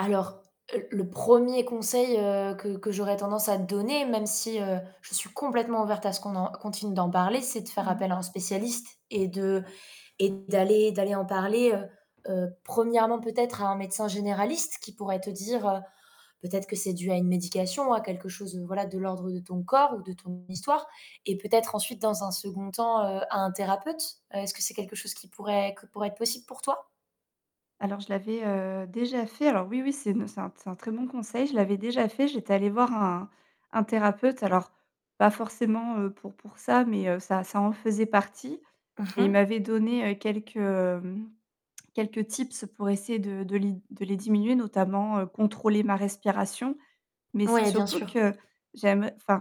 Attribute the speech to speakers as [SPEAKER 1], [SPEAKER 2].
[SPEAKER 1] Alors, heu, le 1er conseil, heu, que que j'aurais tendance à donner, même si, heu, je suis complètement ouverte à ce qu'on en continue d'en parler, c'est de faire
[SPEAKER 2] Mmh mh.
[SPEAKER 1] appel à un spécialiste et de et d'aller d'aller en parler, heu, heu, 1° peut-être à un médecin généraliste qui pourrait te dire, peut-être, que c'est dû à une médication, à quelque chose, voilà, de l'ordre de ton corps ou de ton histoire et peut-être ensuite dans un 2nd temps, heu, à un thérapeute. Heu, est-ce que c'est quelque chose qui pourrait que pourrait être possible pour toi?
[SPEAKER 2] Alors je l'avais, heu, déjà fait. Alors oui, oui, c'est une c'est un c'est un très bon conseil. Je l'avais déjà fait, j'étais allée voir un un thérapeute. Alors pas forcément, heu, pour pour ça, mais heu, ça ça en faisait partie.
[SPEAKER 1] Mmh
[SPEAKER 2] Et il
[SPEAKER 1] mh.
[SPEAKER 2] m'avait donné, heu, quelques, hem, quelques tips pour essayer de de les de les diminuer notamment, heu, contrôler ma respiration. Mais c'est
[SPEAKER 1] Ouais, bien
[SPEAKER 2] surtout
[SPEAKER 1] sûr.
[SPEAKER 2] que j'aime enfin